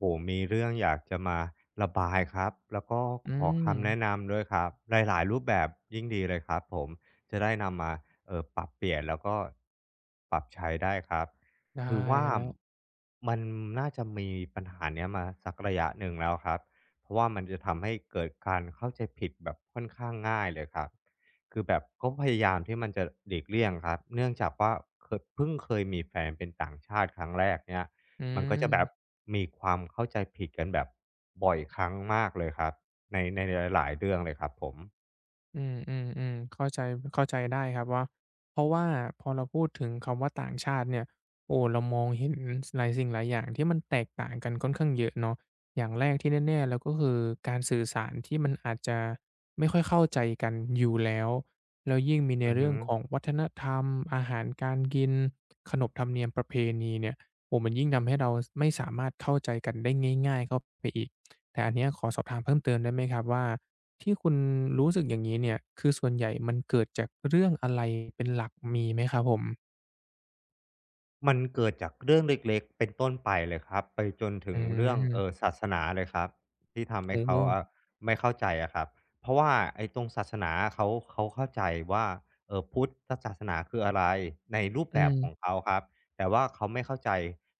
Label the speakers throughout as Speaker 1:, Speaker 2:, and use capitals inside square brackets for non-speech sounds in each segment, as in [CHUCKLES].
Speaker 1: โอ้โฮ มีเรื่องอยากจะมาระบายครับ แล้วก็
Speaker 2: อ
Speaker 1: ขอคำแน
Speaker 2: ืม
Speaker 1: ะนำด้วยครับ หลาย ๆ รูปแบบยิ่งดีเลยครับผม จะได้นำมา เอ่อ ปรับเปลี่ยน แล้วก็ปรับใช้ได้ครับ
Speaker 2: ได้
Speaker 1: คือว่า
Speaker 2: ครับ
Speaker 1: มันน่าจะมีปัญหาเนี้ยมาสักระยะหนึ่งแล้วครับ เพราะว่ามันจะทำให้เกิดการเข้าใจผิดแบบค่อนข้างง่ายเลยครับ คือแบบก็พยายามที่มันจะหลีกเลี่ยงครับ เนื่องจากว่าเคอ เพิ่งเคยมีแฟนเป็นต่างชาติครั้งแรกเนี่ย
Speaker 2: อื
Speaker 1: มันก็จะแบบ
Speaker 2: ม
Speaker 1: มีความเข้าใจผิดกันแบบบ่อยครั้งมากเลยครับ ใน ในหลาย ๆ เรื่องเลยครับผม
Speaker 2: อืม ๆ ๆ เข้าใจ เข้าใจได้ครับว่า เพราะว่าพอเราพูดถึงคำว่า ต่างชาติเนี่ย โอ้ เรามองเห็น ส หลายสิ่งหลายอย่างที่มันแตกต่างกันค่อนข้างเยอะเนาะ อย่างแรกที่แน่ ๆ แล้ว ก็คือการสื่อสาร ที่มันอาจจะไม่ค่อยเข้าใจกันอยู่แล้ว แล้วยิ่งมีใน
Speaker 1: อือ
Speaker 2: เร
Speaker 1: ฮ
Speaker 2: ื่
Speaker 1: ึ
Speaker 2: องของวัฒนธรรม อาหารการกิน ขนบธรรมเนียมประเพณีเนี่ย โอ้ มันยิ่งทำให้เราไม่สามารถเข้าใจกันได้ง่าย ๆ เข้าไปอีก แต่อันเนี้ยขอสอบถามเพิ่มเติมได้ไหมครับว่า ที่คุณรู้สึกอย่างงี้เนี่ย คือส่วนใหญ่มันเกิดจากเรื่องอะไร เป็นหลัก มีไหมครับผม?
Speaker 1: มันเกิดจากเรื่องเล็ก ๆ เป็นต้นไปเลยครับ ไปจนถ
Speaker 2: อ
Speaker 1: ึงเรื่อง เ
Speaker 2: ื
Speaker 1: อ
Speaker 2: ม
Speaker 1: ่อ ศาสนาเลยครับ ที่ทำให
Speaker 2: อื
Speaker 1: ้
Speaker 2: อ
Speaker 1: เข
Speaker 2: ฮ
Speaker 1: าอ
Speaker 2: ึ
Speaker 1: ะ ไม่เข้าใจอะครับ เพราะว่าไอ้ตรงศาสนาอะ เขา เขาเข้าใจว่า เอ่อ พุทธศาสนาคืออะไร? ในรูป
Speaker 2: อื
Speaker 1: แบบข
Speaker 2: ม
Speaker 1: องเขาครับ แต่ว่าเขาไม่เข้าใจ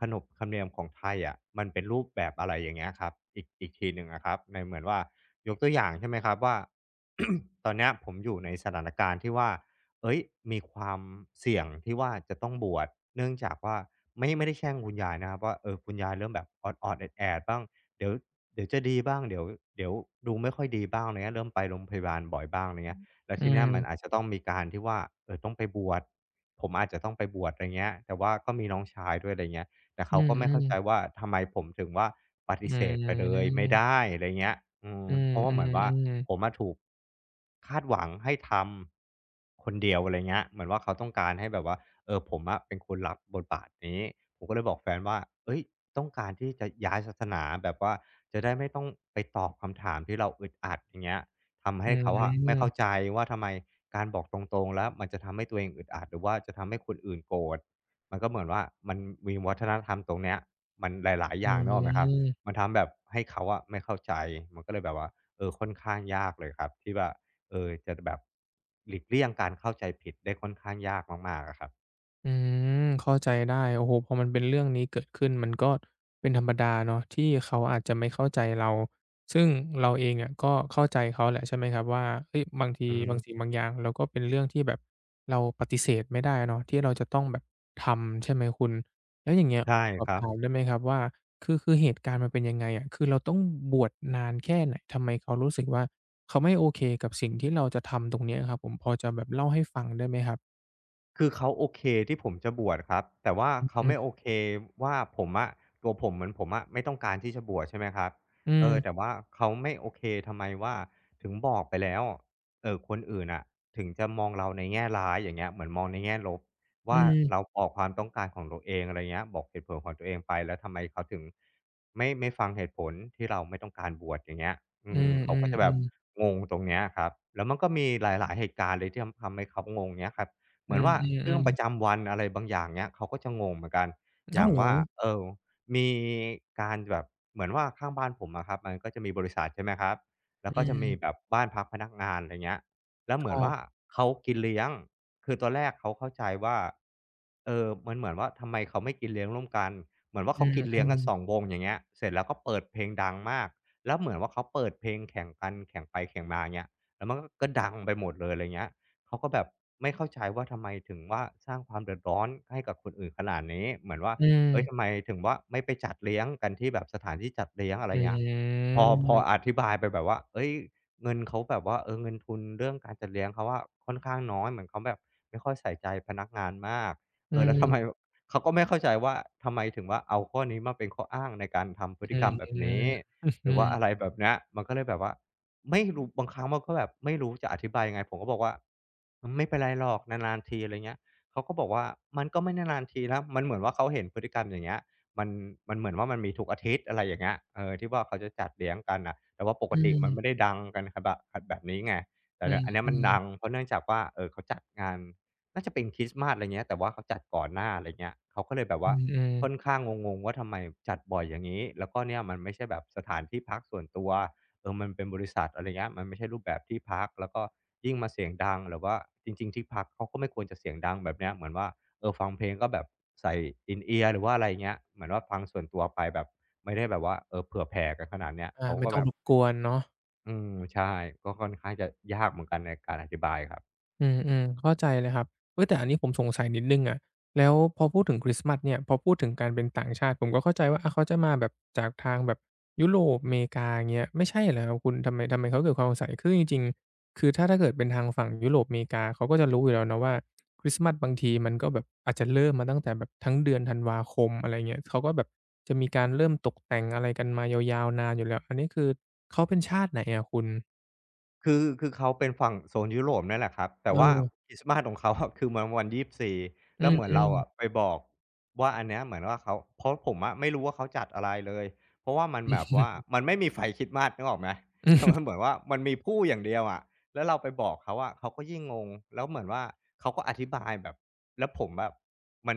Speaker 1: ขนบธรรมเนียมของไทยอะ มันเป็นรูปแบบ อะไรอย่างเงี้ยครับ อีก อีกทีหนึ่งอะครับ ในเหมือนว่า ยกตัวอย่าง ใช่ไหมครับว่า [CLEARS THROAT] ตอนเนี้ยผมอยู่ในสถานการณ์ที่ว่า เฮ้ย มีความเสี่ยงที่ว่าจะต้องบวช เนื่องจากว่า ไม่ ไม่ได้แช่งคุณยายนะครับว่า เอ่อ คุณยายเริ่มแบบออด ๆ แอด ๆ บ้าง เดี๋ยว เดี๋ยวจะดีบ้าง เดี๋ยว เดี๋ยวดูไม่ค่อยดีบ้างเนี้ย เริ่มไปโรงพยาบาลบ่อยบ้าง อะไรเงี้ย แล้
Speaker 2: อ
Speaker 1: ว
Speaker 2: ื
Speaker 1: ทีเนี้ย มัน
Speaker 2: ม
Speaker 1: อาจจะต้องมีการที่ว่า เอ่อ ต้องไปบวช ผมอาจจะต้องไปบวช อะไรเงี้ย แต่ว่าก็มีน้องชายด้วย อะไรเงี้ย แต่เ
Speaker 2: อ
Speaker 1: ข
Speaker 2: ื
Speaker 1: าก็ไม่เข้าใจ
Speaker 2: อ ๆ
Speaker 1: ว่า ทำไมผมถึงว่า ป
Speaker 2: อ
Speaker 1: ฏิเสธไปเลยไม่ไ
Speaker 2: ืม
Speaker 1: ด้ อะไรเงี้ย อื
Speaker 2: อ
Speaker 1: อ
Speaker 2: ื
Speaker 1: เพราะว่าเหมือนว่า
Speaker 2: อ ๆ ๆ
Speaker 1: ผมอะถูก คาดหวังให้ทำ คนเดียว อะไรเงี้ย เหมือนว่าเขาต้องการให้แบบว่า เอ่อ ผมอะเป็นคนรับบทบาทนี้ ผมก็เลยบอกแฟนว่า เฮ่ย ต้องการที่จะย้ายศาสนา แบบว่าจะได้ไม่ต้องไปตอบคำถามที่เราอึดอัด อย่างเงี้ย ทำใ
Speaker 2: อ
Speaker 1: ห
Speaker 2: ื
Speaker 1: ้เขาอะไม่เข้
Speaker 2: ม
Speaker 1: าใจว่า ทำไมการบอกตรง ๆ แล้ว มันจะทำให้ตัวเองอึดอัด หรือว่าจะทำให้คนอื่นโกรธ มันก็เหมือนว่า มันมีวัฒนธรรมตรงเนี้ย มันหลาย ๆ
Speaker 2: อ
Speaker 1: อ
Speaker 2: ื
Speaker 1: ย่าง นึกออกไหมครับ
Speaker 2: ม
Speaker 1: มันทำแบบให้เขาอะไม่เข้าใจ มันก็เลยแบบว่า เอ่อ ค่อน ข้างยากเลยครับที่ว่า เอ่อ จะ ด แบบ หลีกเลี่ยงการเข้าใจผิดได้ค่อนข้างยากมาก ๆ อะครับ
Speaker 2: อืม เข้าใจได้ โอ้โฮ พอมันเป็นเรื่องนี้เกิดขึ้น มันก็เป็นธรรมดาเนาะ ที่เขาอาจจะไม่เข้าใจเรา ซึ่งเราเองเนี่ยก็เข้าใจเขาแหละ ใช่ไหมครับว่า เฮ่ย บางที
Speaker 1: อือฮ
Speaker 2: บา
Speaker 1: ึ
Speaker 2: งสิ่ง บางอย่างเรา ก็เป็นเรื่องที่แบบเราปฏิเสธไม่ได้เนาะ ที่เราจะต้องแบบทำ ใช่ไหมคุณ แล้วอย่างเงี้ย
Speaker 1: ใช
Speaker 2: ข
Speaker 1: ่
Speaker 2: อสอ
Speaker 1: ค
Speaker 2: บ
Speaker 1: รั
Speaker 2: ถาม
Speaker 1: บ
Speaker 2: ได้ไหมครับว่า คือ คือเหตุการณ์มันเป็นยังไงอะ? คือเราต้องบวชนานแค่ไหน? ทำไมเขารู้สึกว่า เขาไม่โอเคกับสิ่งที่เราจะทำตรงนี้อะครับผม พอจะแบบเล่าให้ฟังได้ไหมครับ?
Speaker 1: คือเขาโอเค ที่ผมจะบวชครับ แต่ว่า
Speaker 2: อือ
Speaker 1: เขา
Speaker 2: ฮ
Speaker 1: ไม
Speaker 2: ึ
Speaker 1: ่โอเคว่า ผมอะ ตัวผม เหมือนผมอะไม่ต้องการที่จะบวช ใช่ไหมครับ
Speaker 2: อื
Speaker 1: เอ่อ
Speaker 2: ม
Speaker 1: แต่ว่าเขาไม่โอเค ทำไมว่าถึงบอกไปแล้ว เอ่อ คนอื่นน่ะ ถึงจะมองเราในแง่ร้าย อย่างเงี้ย เหมือนมองในแง่ลบว
Speaker 2: อ
Speaker 1: ่
Speaker 2: ื
Speaker 1: า
Speaker 2: ม
Speaker 1: เราบอกความต้องการของตัวเอง อะไรเงี้ย บอกเหตุผลของตัวเองไป แล้วทำไมเขาถึงไม่ ไม่ฟังเหตุผล ที่เราไม่ต้องการบวช? อย่างเงี้ย อ
Speaker 2: อ
Speaker 1: ื
Speaker 2: ื
Speaker 1: ม เขาก็จะแบบ
Speaker 2: อ ๆ ๆ
Speaker 1: งงตรงนี้อะครับ แล้วมันก็มีหลาย ๆ เหตุการณ์เลย ที่ทำ ทำให้เขางง เงี้ยครับ เ
Speaker 2: อ
Speaker 1: ห
Speaker 2: ื
Speaker 1: มือนว่าเรื่อง
Speaker 2: อ
Speaker 1: ป
Speaker 2: ๆ
Speaker 1: ร
Speaker 2: ๆ
Speaker 1: ะจำวันอะไรบางอย่าง เงี้ย เขาก็จะงงเหมือนกัน อ
Speaker 2: อ
Speaker 1: ย
Speaker 2: ้
Speaker 1: ่
Speaker 2: า
Speaker 1: า
Speaker 2: ว
Speaker 1: ง
Speaker 2: เห
Speaker 1: ว
Speaker 2: ร
Speaker 1: ่
Speaker 2: อ?
Speaker 1: า เอ่อ มีการแบบเหมือนว่า ข้างบ้านผมอะครับ มันก็จะมีบริษัท ใช่ไหมครับ แล้
Speaker 2: อ
Speaker 1: วก็
Speaker 2: ื
Speaker 1: จะมี
Speaker 2: ม
Speaker 1: แบบบ้านพักพนักงาน ไรเงี้ย แล้วเ
Speaker 2: ค
Speaker 1: หมื
Speaker 2: ร
Speaker 1: อ
Speaker 2: ั
Speaker 1: นว่
Speaker 2: บ
Speaker 1: าเขากินเลี้ยง คือตอนแรกเขาเข้าใจว่า เออ มันเหมือนว่า ทำไมเขาไม่กินเลี้ยงร่วมกัน? เหมือนว่าเ
Speaker 2: อ
Speaker 1: ข
Speaker 2: ื
Speaker 1: าก
Speaker 2: อ
Speaker 1: ิน
Speaker 2: อ
Speaker 1: เลี
Speaker 2: ื
Speaker 1: ้ยงกัน
Speaker 2: ม
Speaker 1: 2 วง อย่างเงี้ย เสร็จแล้วก็เปิดเพลงดังมาก แล้วเหมือนว่าเขาเปิดเพลงแข่งกัน แข่งไปแข่งมา อย่างเงี้ย แล้วมันก็ ก็ดังไปหมดเลย อะไรเงี้ย เขาก็แบบไม่เข้าใจว่า ทำไมถึงว่าสร้างความเดือดร้อนให้กับคนอื่นขนาดนี้ เหมือนว่า
Speaker 2: อื
Speaker 1: เฮ่ย
Speaker 2: ม
Speaker 1: ทำไมถึงว่า ไม่ไปจัดเลี้ยงกันที่แบบสถานที่จัดเลี้ยง? อะไ
Speaker 2: อ
Speaker 1: ร
Speaker 2: ื
Speaker 1: เงี้ย พอ พอ
Speaker 2: ม
Speaker 1: อธิบายไปแบบว่า เฮ่ย เงินเขาแบบว่า เออ เงินทุนเรื่องการจัดเลี้ยงเขาอะ ค่อนข้างน้อย เหมือนเขาแบบไม่ค่อยใส่ใจพนักงานมาก
Speaker 2: อ
Speaker 1: เอ
Speaker 2: ื
Speaker 1: อ แล้ว ทำไ
Speaker 2: ม
Speaker 1: มแบบ เขาก็ไม่เข้าใจว่า ทำไมถึงว่า เอาข้อนี้มาเป็นข้ออ้างในการทำพ
Speaker 2: อ
Speaker 1: ฤ
Speaker 2: ื
Speaker 1: ติกร
Speaker 2: อ
Speaker 1: รมแบ
Speaker 2: อ
Speaker 1: บ
Speaker 2: ื
Speaker 1: นี
Speaker 2: ม
Speaker 1: ้?
Speaker 2: [CHUCKLES] อ
Speaker 1: หร
Speaker 2: ื
Speaker 1: ือว่า
Speaker 2: อ
Speaker 1: อะไรแบบเนี้ย มันก็เลยแบบว่าไม่รู้ บางครั้งมันก็แบบไม่รู้จะอธิบายยังไง? ผมก็บอกว่า "อืม ไม่เป็นไรหรอก นาน ๆ ที" อะไรเงี้ย เขาก็บอกว่า "มันก็ไม่นาน ๆ ทีแล้ว" มันเหมือนว่าเขาเห็นพฤติกรรมอย่างเงี้ย มัน มันเหมือนว่ามันมี ทุกอาทิตย์ อะไรอย่างเงี้ย เออ ที่ว่าเขาจะจัดเลี้ยงกันน่ะ แต่ว่าป
Speaker 2: อ
Speaker 1: ก
Speaker 2: ื
Speaker 1: ติมัน
Speaker 2: ม
Speaker 1: ไม่ได้ดังกัน ข แบบ อ แบบนี้ไง แต่
Speaker 2: อื
Speaker 1: เนี่ยอันนี้มัน
Speaker 2: อ
Speaker 1: ด
Speaker 2: ๆ
Speaker 1: ัง เพราะเนื่องจากว่า เอ่อ เขาจัดงาน น่าจะเป็นคริสต์มาส ไรเงี้ย แต่ว่าเขาจัดก่อนหน้า อะไรเงี้ย เขาก็เลยแบบ
Speaker 2: อื
Speaker 1: ว่า
Speaker 2: ม อือ
Speaker 1: ค่อนข้างงง ๆ ว่าทำไมจัดบ่อยอย่างงี้? แล้วก็เนี่ยมันไม่ใช่แบบสถานที่พักส่วนตัว เออ มันเป็นบริษัท อะไรเงี้ย มันไม่ใช่รูปแบบที่พัก แล้วก็ยิ่งมาเสียงดัง หรือว่า จริง ๆ ที่พักเขา ก็ไม่ควรจะเสียงดังแบบเนี้ย เหมือนว่า เออ ฟังเพลงก็แบบใส่ In-ear หรือว่าอะไรอย่างเงี้ย เหมือนว่าฟังส่วนตัวไปแบบ ไม่ได้แบบว่า เอ่อ เผื่อแผ่กันขนาดเนี้ย
Speaker 2: อา
Speaker 1: เขา
Speaker 2: ไม
Speaker 1: ก
Speaker 2: ่
Speaker 1: ็
Speaker 2: ต้อ
Speaker 1: แบ
Speaker 2: งร
Speaker 1: บ
Speaker 2: บกวนเนาะ
Speaker 1: อืม ใช่ ก็ค่อนข้างจะยากเหมือนกันในการอธิบายครับ
Speaker 2: อืม ๆ เข้าใจเลยครับ เฮ่ย แต่อันนี้ผมสงสัยนิดหนึ่งอะ แล้วพอพูดถึงคริสต์มาสเนี่ย พอพูดถึงการเป็นต่างชาติ ผมก็เข้าใจว่า อ้าว เขาจะมาแบบ จากทางแบบยุโรป อเมริกา อย่างเงี้ย ไม่ใช่เหรอครับคุณ? ทำไม ทำไมเขาเกิดความสงสัย คือจริง ๆ คือถ้า ถ้าเกิดเป็นทางฝั่งยุโรปอเมริกา เขาก็จะรู้อยู่แล้วเนาะว่า คริสต์มาสบางทีมันก็แบบอาจจะเริ่มมาตั้งแต่แบบทั้งเดือนธันวาคม อะไรเงี้ย เขาก็แบบจะมีการเริ่มตกแต่งอะไรกันมายาว ๆ นานอยู่แล้ว อันนี้คือเขาเป็นชาติไหนอะคุณ?
Speaker 1: คือ คือเขาเป็นฝั่งโซนยุโรปเนี่ยแหละครับ แต
Speaker 2: เ
Speaker 1: ่ว่า
Speaker 2: ออ
Speaker 1: คริสต์มาสของเขา อะ คือมันวัน 24
Speaker 2: อ
Speaker 1: แ
Speaker 2: ื
Speaker 1: ล้วเหมือนเร
Speaker 2: อ
Speaker 1: าอ
Speaker 2: ๆ
Speaker 1: ะไปบอกว่า อันเนี้ยเหมือนว่าเขา เพราะผมอะไม่รู้ว่าเขาจัดอะไรเลย เพราะว่ามัน
Speaker 2: อื
Speaker 1: แบบว่า
Speaker 2: ม
Speaker 1: มันไม่มีไฟคริสต์มาส นึกออกไหม?
Speaker 2: อื
Speaker 1: แต่มันเ
Speaker 2: อ
Speaker 1: หมือน ว่ามันมีพู่อย่างเดียวอะ แล้วเราไปบอกเขาอะ เขาก็ยิ่งงง แล้วเหมือนว่าเขาก็อธิบายแบบ แล้วผมแบบ มัน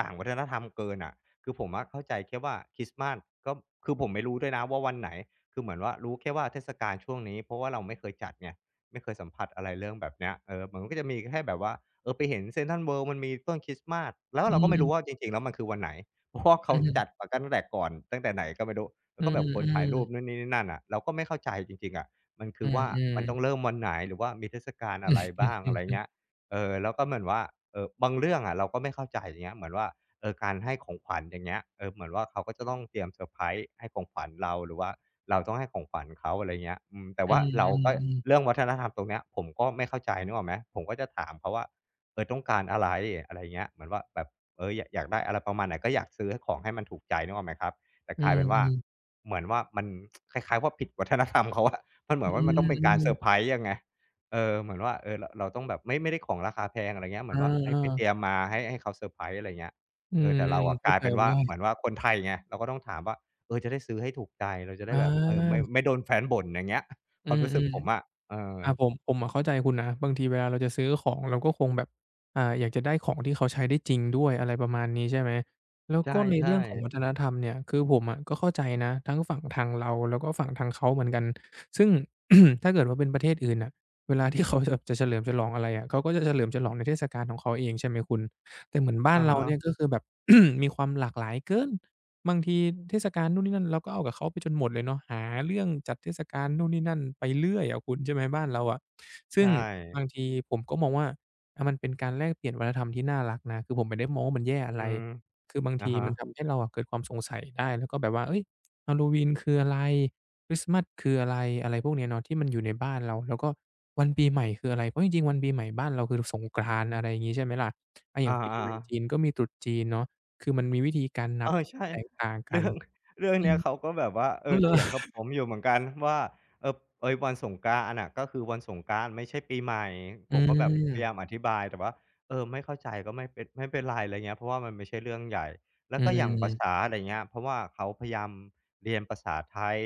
Speaker 1: ต่างวัฒนธรรมเกินน่ะ คือผมอะเข้าใจแค่ว่าคริสต์มาส ก็ คือผมไม่รู้ด้วยนะว่าวันไหน? คือเหมือนว่า รู้แค่ว่าเทศกาลช่วงนี้ เพราะว่าเราไม่เคยจัดไง ไม่เคยสัมผัสอะไรเรื่องแบบเนี้ย เออ มันก็จะมีแค่แบบว่า เออ ไปเห็น Central World มันมีต้นคริสต์มาส แล้ว
Speaker 2: อ
Speaker 1: เราก็ไม่รู้
Speaker 2: ืม
Speaker 1: ว่าจริง ๆ แล้วมันคือวันไหน? เพราะว่าเข
Speaker 2: อ
Speaker 1: า
Speaker 2: ือฮ
Speaker 1: จ
Speaker 2: ึ
Speaker 1: ัดแต่กั้นตั้งแต่ก่อน ตั้งแต่ไหนก็ไม่รู้ แล้
Speaker 2: อื
Speaker 1: วก็แบบคนถ่ายร
Speaker 2: อ
Speaker 1: ู
Speaker 2: ๆ
Speaker 1: ปนู่นนี่ นี่นั่นน่ะ เราก็ไม่เข้าใจจริง ๆ อะ มันค
Speaker 2: อื
Speaker 1: ือว่า
Speaker 2: อ
Speaker 1: มันต
Speaker 2: ๆ
Speaker 1: ้องเริ่มวันไหน? หรือว่ามีเทศกาลอะไรบ้าง? อะไรอย่างเง
Speaker 2: [CHUCKLES]
Speaker 1: ี้ย เออ แล้วก็เหมือนว่า เออ บางเรื่องอะเราก็ไม่เข้าใจ อย่างเงี้ย เหมือนว่า เออ การให้ของขวัญ อย่างเงี้ย เออ เหมือนว่าเขาก็จะต้องเตรียมเซอร์ไพรส์ ให้ของขวัญเรา หรือว่าเราต้องให้ของขวัญเขา อะไรเงี้ย อืม แต่
Speaker 2: อื
Speaker 1: ว่าเราก็
Speaker 2: อ ๆ ๆ
Speaker 1: เรื่องวัฒนธรรมตรงเนี้ย ผมก็ไม่เข้าใจ นึกออกไหม ผมก็จะถามเขาว่า เอ่อ ต้องการอะไร? อะไรเงี้ย เหมือนว่า แบบ เอ่อ อยากได้อะไรประมาณไหน? ก็อยากซื้อให้ ของให้มันถูกใจ นึกออกไหมครับ แต่
Speaker 2: อื
Speaker 1: กลายเป็นว่า
Speaker 2: อ ๆ
Speaker 1: เหมือนว่ามัน [TSK] คล้าย ๆ ว่าผิด วัฒนธรรมเขาอะ มันเหมื
Speaker 2: อ
Speaker 1: อ
Speaker 2: ื
Speaker 1: นว่า มันต้องเป็นการเซ
Speaker 2: อ
Speaker 1: อ
Speaker 2: ๆ
Speaker 1: ร์ไพรส์ยังไง เออ เหมือนว่า เออ ร เราต้องแบบ ไม่ ไม่ได้ของราคาแพง อะไรเงี้ย เห
Speaker 2: เ
Speaker 1: มื
Speaker 2: อ
Speaker 1: อน
Speaker 2: อ
Speaker 1: ว่าให
Speaker 2: เอ
Speaker 1: ้ไปเต
Speaker 2: อ
Speaker 1: รียมมา ให้ ให้เขาเซอร์ไพรส์ อะไรเงี้ย
Speaker 2: อื
Speaker 1: เออ
Speaker 2: ม
Speaker 1: แต่เราอะ
Speaker 2: เข
Speaker 1: ก
Speaker 2: ้า
Speaker 1: ลาย
Speaker 2: ใจ
Speaker 1: เป็นว่
Speaker 2: ได
Speaker 1: า
Speaker 2: ้
Speaker 1: เหมือนว่าคนไทยไง เราก็ต้องถามว่า เออ จะได้ซื้อให้ถูกใจ เราจะได้แบบ เออ ไม่
Speaker 2: เออ
Speaker 1: ไม่โดนแฟนบ่น อย่างเงี้ย
Speaker 2: อ
Speaker 1: ค
Speaker 2: ื
Speaker 1: วามรู้
Speaker 2: อ
Speaker 1: สึกผมอะ เออ
Speaker 2: ๆ อา ผม ผมอะเข้าใจคุณนะ บางทีเวลาเราจะซื้อของ เราก็คงแบบ อ่า อยากจะได้ของที่เขาใช้ได้จริงด้วย อะไรประมาณนี้ใช่ไหม? แล้ว
Speaker 1: ใช
Speaker 2: ก็ใน เ
Speaker 1: ่
Speaker 2: รื่องของ
Speaker 1: ๆ
Speaker 2: วัฒนธรรมเนี่ย คือผมอะก็เข้าใจนะ ทั้งฝั่งทางเรา แล้วก็ฝั่งทางเขาเหมือนกัน ซึ่ง [CLEARS THROAT] ถ้าเกิดว่าเป็นประเทศอื่นน่ะ เวลาที่เขาจะ จะเฉลิมฉลองอะไรอะ เขาก็จะเฉลิมฉลองในเทศกาลของเขาเอง ใช่ไหมคุณ แต่เหมือนบ้า
Speaker 1: อ
Speaker 2: น
Speaker 1: ะ
Speaker 2: เร
Speaker 1: ฮ
Speaker 2: าเ
Speaker 1: ะ
Speaker 2: นี่ย ก็คือแบบ [CLEARS THROAT] มีความหลากหลายเกิน บางทีเทศกาลนู่นนี่นั่น เราก็เอากับเขาไปจนหมดเลยเนาะ หาเรื่องจัดเทศกาลนู่นนี่นั่นไปเรื่อยอะคุณ ใช่ไหม บ้านเราอะ ซ
Speaker 1: ใ
Speaker 2: ึ
Speaker 1: ช
Speaker 2: ่ง
Speaker 1: ่
Speaker 2: บางทีผมก็มองว่า อ่า มันเป็นการแลกเปลี่ยนวัฒนธรรมที่น่ารักนะ คือผมไม่ได้มองว่ามันแย่อะ
Speaker 1: อ
Speaker 2: ไ
Speaker 1: ื
Speaker 2: ร
Speaker 1: ม
Speaker 2: คือ บาง
Speaker 1: อ
Speaker 2: ท
Speaker 1: ะ
Speaker 2: ี
Speaker 1: ฮะ
Speaker 2: มันทำให้เราอะเกิดความสงสัยได้ แล้วก็แบบว่า เฮ่ย ฮาลโลวีนคืออะไร? คริสต์มาสคืออะไร? อะไรพวกเนี้ยเนาะ ที่มันอยู่ในบ้านเรา แล้วก็วันปีใหม่คืออะไร? เพราะจริง ๆ วันปีใหม่บ้านเราคือ ร สงกรานต์ อะไรงี้ ใช่ไหมล่ะ อา อ
Speaker 1: อ
Speaker 2: ย่
Speaker 1: า
Speaker 2: างปี
Speaker 1: อะ
Speaker 2: ใหม่
Speaker 1: ฮ
Speaker 2: จ
Speaker 1: ะ
Speaker 2: ีนก็มีตรุษจีนเนาะ คือมันมีวิธีการนั
Speaker 1: เอ
Speaker 2: บ
Speaker 1: อ
Speaker 2: ที่
Speaker 1: ใช่
Speaker 2: แตกต่างก
Speaker 1: เร
Speaker 2: ั
Speaker 1: ื
Speaker 2: น
Speaker 1: ่อง เรื่อง
Speaker 2: อื
Speaker 1: เนี้ย
Speaker 2: ม
Speaker 1: เขาก็แบบว่า เอ
Speaker 2: อ้าว
Speaker 1: อ
Speaker 2: เหร
Speaker 1: เ
Speaker 2: อ?
Speaker 1: ถียงกับผ
Speaker 2: [CHUCKLES]
Speaker 1: มอยู่เหมือนกันว่า เออ เอ๊ย วันสงกรานต์อะน่ะ ก็คือวันสงกรานต์ไม่ใช่ปีใหม่
Speaker 2: อื
Speaker 1: ผมก็แบบพยาย
Speaker 2: ม
Speaker 1: ามอธิบาย แต่ว่า เออ ไม่เข้าใจก็ไม่เป็น ไม่เป็นไร อะไรเงี้ย เพราะว่ามันไม่ใช่เรื่องใหญ่ แล
Speaker 2: อ
Speaker 1: ้วก็อย่างภา
Speaker 2: ืม
Speaker 1: ษา อะไรเงี้ย เพราะว่าเขาพยายามเรียนภาษาไทย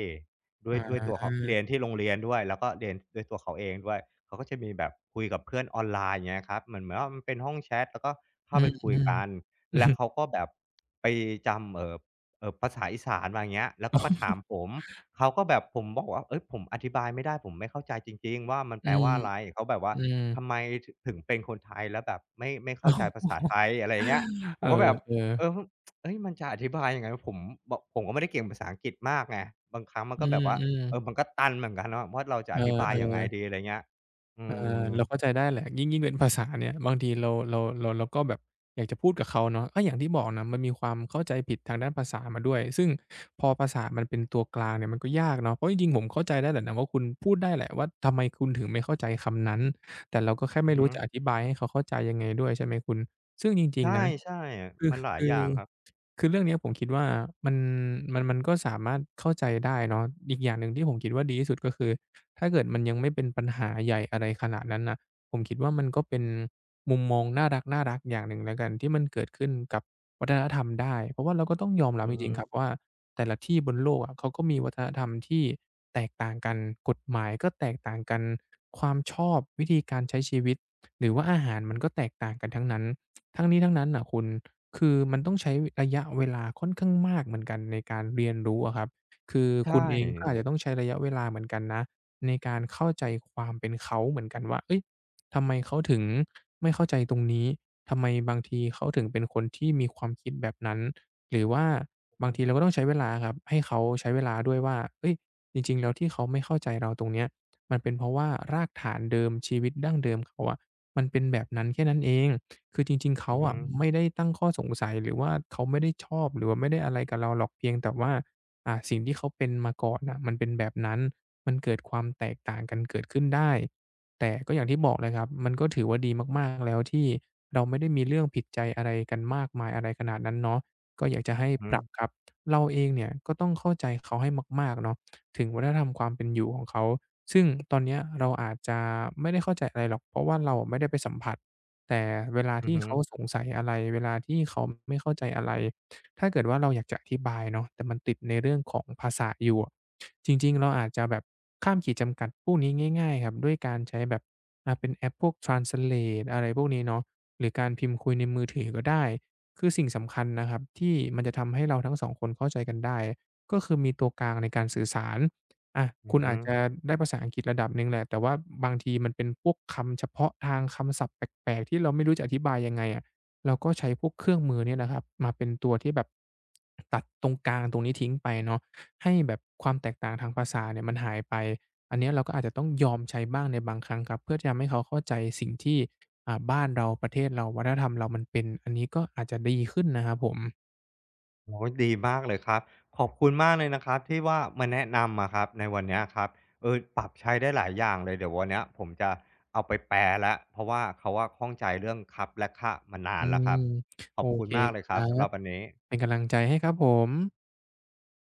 Speaker 1: ด้ว
Speaker 2: อ
Speaker 1: ย ด้วยตัวเขา เร
Speaker 2: า
Speaker 1: ียนที่โรงเรียนด้วย แล้วก็เรียนด้วยตัวเขาเองด้วย เขาก็จะมีแบบคุยกับเพื่อนออนไลน์ อย่างเงี้ยครับ เหมือน เหมือนว่ามันเป็นห้องแชต แล้วก็เข
Speaker 2: อ
Speaker 1: ้
Speaker 2: ื
Speaker 1: าไปคุย
Speaker 2: ม
Speaker 1: กัน
Speaker 2: ๆ
Speaker 1: แล้ว
Speaker 2: [CHUCKLES]
Speaker 1: เขาก็แบบ ไปจำ เอ่อ เอ่อ ภาษาอีสานมา อย่างเงี้ย แล้ว
Speaker 2: อ
Speaker 1: ก
Speaker 2: ๋
Speaker 1: ็มาถา
Speaker 2: อ
Speaker 1: มผม เขาก็แบบ ผมบอกว่า เฮ่ย ผมอธิบายไม่ได้ ผมไม่เข้าใจจริง ๆ ว่า มัน
Speaker 2: อ
Speaker 1: แ
Speaker 2: ื
Speaker 1: ปล
Speaker 2: ม
Speaker 1: ว่าอะไร? เขาแบบว่า
Speaker 2: อื
Speaker 1: ท
Speaker 2: ม
Speaker 1: ำไม ถ ถึงเป็นคนไทยแล้วแบบไม่ ไม่เข้าใจภาษาไท
Speaker 2: [CHUCKLES]
Speaker 1: ย? อะไรอย่างเงี้ย ผ
Speaker 2: เอ
Speaker 1: มก็แบบ
Speaker 2: อ
Speaker 1: เอ
Speaker 2: ๆ
Speaker 1: อ ฮึ [TSK] เฮ่ย มันจะอธิบายยังไงว่าผม บ ผมก็ไม่ได้เก่งภาษาอังกฤษมากไง บางครั้งมัน
Speaker 2: อ
Speaker 1: ก
Speaker 2: ื
Speaker 1: ็แบบว่า
Speaker 2: อ
Speaker 1: เอ
Speaker 2: ๆ
Speaker 1: ่อ มันก็ตันเหมือนกันเนาะว่า เราจะ
Speaker 2: เอ
Speaker 1: อธิบายยังไง
Speaker 2: อ ๆ
Speaker 1: ดี? อะไรเงี้ย อื
Speaker 2: เออ เรา
Speaker 1: อ
Speaker 2: เข้าใจได้แหละ ยิ่ง ยิ่งเป็นภาษาเนี่ย บางทีเรา เรา เรา เราก็แบบอยากจะพูดกับเขาเนาะ ก็อย่างที่บอกน่ะ มันมีความเข้าใจผิดทางด้านภาษามาด้วย ซึ่งพอภาษา มันเป็นตัวกลางเนี่ย มันก็ยากเนาะ เพราะจริง ๆ ผมเข้าใจได้แหละนะว่าคุณ พูดได้แหละว่า ทำไมคุณถึงไม่เข้าใจคำนั้น? แต่เราก็แค่
Speaker 1: อื
Speaker 2: ไม่
Speaker 1: อฮ
Speaker 2: รู้
Speaker 1: ึ
Speaker 2: จะอธิบายให้เขาเข้าใจยังไงด้วยใช่ไหมคุณ? ซึ่งจริ
Speaker 1: ใช
Speaker 2: ง
Speaker 1: ่
Speaker 2: ๆ นะ
Speaker 1: ใช่อะ
Speaker 2: คือ
Speaker 1: มันหลา
Speaker 2: ค
Speaker 1: ย
Speaker 2: ื
Speaker 1: อย่
Speaker 2: อ
Speaker 1: างครับ
Speaker 2: คือเรื่องเนี้ยผมคิดว่ามัน มัน มันก็สามารถเข้าใจได้เนาะ อีกอย่างหนึ่ง ที่ผมคิดว่าดีที่สุด ก็คือถ้า เกิดมันยังไม่เป็นปัญหาใหญ่ อะไรขนาดนั้นน่ะ ผมคิดว่ามันก็เป็นมุมมองน่ารัก ๆ อย่างหนึ่งแล้วกัน ที่มันเกิดขึ้นกับวัฒนธรรมได้ เพราะว่าเราก็ต้องยอมรั
Speaker 1: อ
Speaker 2: บ
Speaker 1: ื
Speaker 2: จ
Speaker 1: อฮ
Speaker 2: ร
Speaker 1: ึ
Speaker 2: ิง ๆ ครับว่า แต่ละที่บนโลกอะ เขาก็มีวัฒนธรรมที่แตกต่างกัน กฎหมายก็แตกต่างกัน ความชอบวิธีการใช้ชีวิต หรือว่าอาหาร มันก็แตกต่างกันทั้งนั้น [TSK] ทั้งนี้ทั้งนั้นน่ะคุณ คือ มันต้องใช้ระยะเวลาค่อนข้างมากเหมือนกันในการเรียนรู้อะครับ คือ
Speaker 1: ใช
Speaker 2: คุณเองก็
Speaker 1: ่
Speaker 2: อาจจะต้องใช้ระยะเวลาเหมือนกันนะ ในการเข้าใจความเป็นเขาเหมือนกันว่า เฮ่ย ทำไมเขาถึง ไม่เข้าใจตรงนี้? ทำไมบางทีเขาถึงเป็นคนที่มีความคิดแบบนั้น? หรือว่าบ
Speaker 1: อ
Speaker 2: าง
Speaker 1: ือ
Speaker 2: ทีเราก็ต้องใช้เวลาครับ ให้เขาใช้เวลาด้วยว่า เฮ่ย จริง ๆ แล้วที่เขาไม่เข้าใจเราตรงเนี้ย มันเป็นเพราะว่า รากฐานเดิมชีวิตดั้งเดิมเขาอะ มันเป็นแบบนั้นแค่นั้นเอง คือจริง ๆ เข
Speaker 1: อื
Speaker 2: า
Speaker 1: อฮ
Speaker 2: อ
Speaker 1: ึ
Speaker 2: ะ ไม่ได้ตั้งข้อสงสัย หรือว่าเขาไม่ได้ชอบ หรือว่าไม่ได้อะไรกับเราหรอก เพียงแต่ว่า อ่า สิ่งที่เขาเป็นมาก่อนน่ะ มันเป็นแบบนั้น มันเกิดความแตกต่างกันเกิดขึ้นได้ แต่ก็อย่างที่บอกเลยครับ มันก็ถือว่าดีมาก ๆ แล้ว ที่เราไม่ได้มีเรื่องผิดใจอะไรกันมากมาย อะไรขนาดนั้นเนาะ ก็อยากจะให้
Speaker 1: ฮ
Speaker 2: ปรับ
Speaker 1: ึ
Speaker 2: ครับ เราเองเนี่ยก็ต้องเข้าใจเขาให้มาก ๆ เนาะ ถึงวัฒนธรรมความเป็นอยู่ของเขา ซึ่ง ตอนเนี้ย เราอาจจะไม่ได้เข้าใจอะไรหรอก เพราะว่าเราอะไม่ได้ไปสัมผัส แต่เวลา
Speaker 1: อ
Speaker 2: ท
Speaker 1: ือ
Speaker 2: ี่
Speaker 1: ฮึ
Speaker 2: เขาสงสัยอะไร เวลาที่เขาไม่เข้าใจอะไร ถ้าเกิดว่าเราอยากจะอธิบายเนาะ แต่มันติดในเรื่องของภาษาอยู่อะ จริง ๆ เราอาจจะแบบข้ามขีดจำกัดพวกนี้ง่าย ๆ ครับ ด้วยการใช้แบบ อ่า เป็นแอปพวก ทรานสเลต อะไรพวกนี้เนาะ หรือการพิมพ์คุยในมือถือก็ได้ คือสิ่งสำคัญนะครับ ที่มันจะทำให้เราทั้ง 2 คนเข้าใจกันได้ ก็คือมีตัวกลางในการสื่อสาร อา
Speaker 1: อื
Speaker 2: คุ
Speaker 1: อ
Speaker 2: ณ
Speaker 1: ฮ
Speaker 2: อ
Speaker 1: ึ
Speaker 2: าจจะได้ภาษาอังกฤษระดับหนึ่งแหละ แต่ว่าบางทีมันเป็นพวกคำเฉพาะทาง คำศัพท์แปลก ๆ ที่เราไม่รู้จะอธิบายยังไงอะ? เราก็ใช้พวกเครื่องมือเนี่ยนะครับมาเป็นตัวที่แบบ ตัดตรงกลางตรงนี้ทิ้งไปเนาะ ให้แบบความแตกต่างทางภาษาเนี่ย มันหายไป อันเนี้ยเราก็อาจจะต้องยอมใช้บ้างในบางครั้งครับ เพื่อจะทำให้เขาเข้าใจสิ่งที่ อ่า บ้านเรา ประเทศเรา วัฒนธรรมเรามันเป็น อันนี้ก็อาจจะดีขึ้นนะครับผม
Speaker 1: โอ๊ย ดีมากเลยครับ ขอบคุณมากเลยนะครับที่ว่า มาแนะนำอะครับในวันเนี้ยครับ เออ ปรับใช้ได้หลายอย่างเลย เดี๋ยววันเนี้ยผมจะเอาไปแปลแล้ว เพราะว่าเขาอะข้องใจเรื่องครับ และค่ะมานา
Speaker 2: อื
Speaker 1: นแล้วค
Speaker 2: ม
Speaker 1: รับ ข
Speaker 2: โ
Speaker 1: อ
Speaker 2: อ
Speaker 1: บคุ
Speaker 2: เ
Speaker 1: ณ
Speaker 2: ค
Speaker 1: มากเล
Speaker 2: ค
Speaker 1: ยค
Speaker 2: ร
Speaker 1: รั
Speaker 2: ั
Speaker 1: บ สำหรั
Speaker 2: บ
Speaker 1: บวันนี้
Speaker 2: เป็นกำลังใจให้ครับผม